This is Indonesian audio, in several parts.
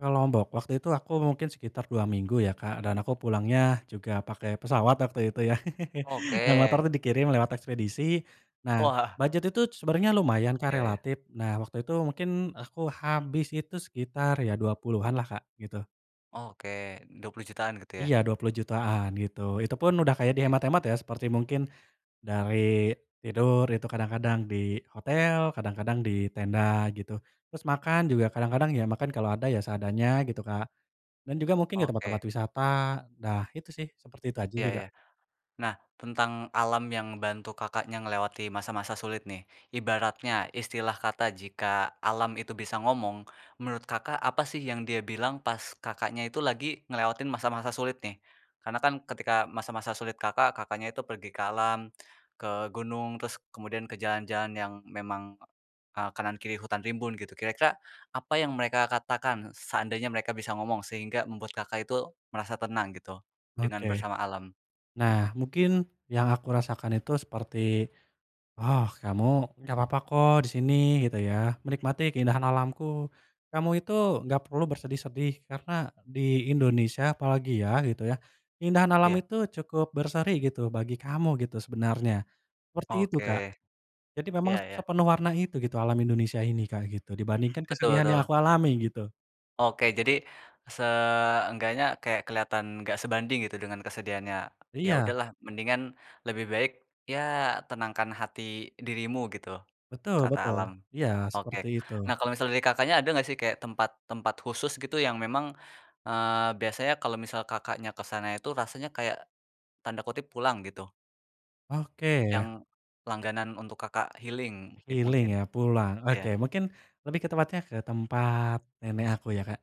Ke Lombok waktu itu, aku mungkin sekitar 2 minggu ya, Kak, dan aku pulangnya juga pakai pesawat waktu itu, ya. Dan Oke. motor tuh dikirim lewat ekspedisi, nah, Wah. bujet itu sebenarnya lumayan, Kak, Ya ya. relatif. Nah, waktu itu mungkin aku habis itu sekitar ya 20-an lah, Kak, gitu. Oke, Rp20.000.000-an, gitu Iya ya. Rp20.000.000-an, gitu. Itupun udah kayak Oke. dihemat-hemat ya, seperti mungkin, dari tidur itu kadang kadang di hotel, kadang-kadang di tenda, gitu. Terus makan juga kadang kadang ya, makan kalau ada ya, seadanya gitu, Kak. Dan juga mungkin ke Oke. tempat-tempat wisata, dah, itu sih, seperti itu aja Iya juga. iya. Nah, tentang alam yang ngebantu Kakaknya ngelewati masa-masa sulit nih, ibaratnya istilah kata jika alam itu bisa ngomong, menurut Kakak apa sih yang dia bilang pas Kakaknya itu lagi ngelewatin masa-masa sulit, nih? Karena kan ketika masa-masa sulit Kakak, Kakaknya itu pergi ke alam, ke gunung, terus kemudian ke jalan-jalan yang memang, eee, kanan kiri hutan rimbun, gitu, kira-kira apa yang mereka katakan seandainya mereka bisa ngomong, sehingga membuat Kakak itu merasa tenang, gitu, Oke. dengan bersama alam? Nah, mungkin yang aku rasakan itu seperti, "Oh, kamu nggak papa kok di sini, gitu ya, menikmati keindahan alamku, kamu itu nggak perlu bersedih-sedih karena di Indonesia apalagi ya gitu ya keindahan alam Iya. itu cukup berseri, gitu, bagi kamu gitu sebenarnya", seperti itu, Kak. Oke. Jadi memang Ya se ya. sepenuh warna itu, gitu, alam Indonesia ini, Kak, gitu, dibandingkan Betul kesedihan yang betul. aku alami, gitu. Oke, jadi seenggaknya kayak kelihatan enggak sebanding gitu dengan kesedihannya. Ya Iya. udahlah, mendingan, lebih baik ya, "Tenangkan hati dirimu", gitu, Betul, kata betul, alam. iya, Oke, seperti itu. nah, kalau misal dari Kakaknya ada nggak sih, kayak tempat tempat khusus gitu yang memang, eee, biasanya kalau misal Kakaknya ke sana itu rasanya kayak, tanda kutip "pulang", gitu? Oke, yah. Yang langganan untuk Kakak healing, eee, Healing mungkin. ya, pulang, oke, Iya mungkin lebih ke tempatnya, ke tempat nenek aku ya, Kak.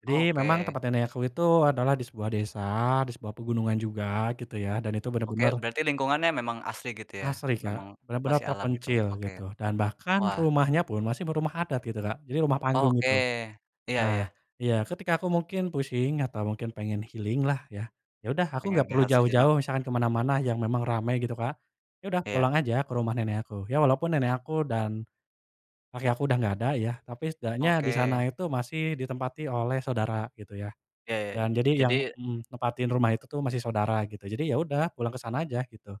Jadi memang Oke. tempat nenek aku itu adalah di sebuah desa, di sebuah pegunungan juga, gitu ya. Dan itu bener-bener Oke, berarti lingkungannya memang asri, gitu ya, asri, Kak, memang benar-benar masih alam, gitu. terpencil, Oke. gitu, dan bahkan Wah. rumahnya pun masih berumah adat, gitu, Kak, jadi rumah panggung, Oke, gitu. iya Nah, iya. iya, ketika aku mungkin pusing atau mungkin pengen healing, lah ya. Yaudah, aku nggak Pengen perlu rehat sejenak. jauh-jauh, misalkan kemana-mana yang memang ramai, gitu, Kak. Ya udah, Iya. pulang aja ke rumah nenek aku, ya walaupun nenek aku dan kakek aku udah nggak ada ya, tapi setidaknya disana Oke. itu masih ditempati oleh saudara, gitu, ya. Ya ya, Dan jadi yang jadi mhm, nempatin rumah itu tuh masih saudara, gitu. Jadi, ya udah, pulang ke sana aja, gitu.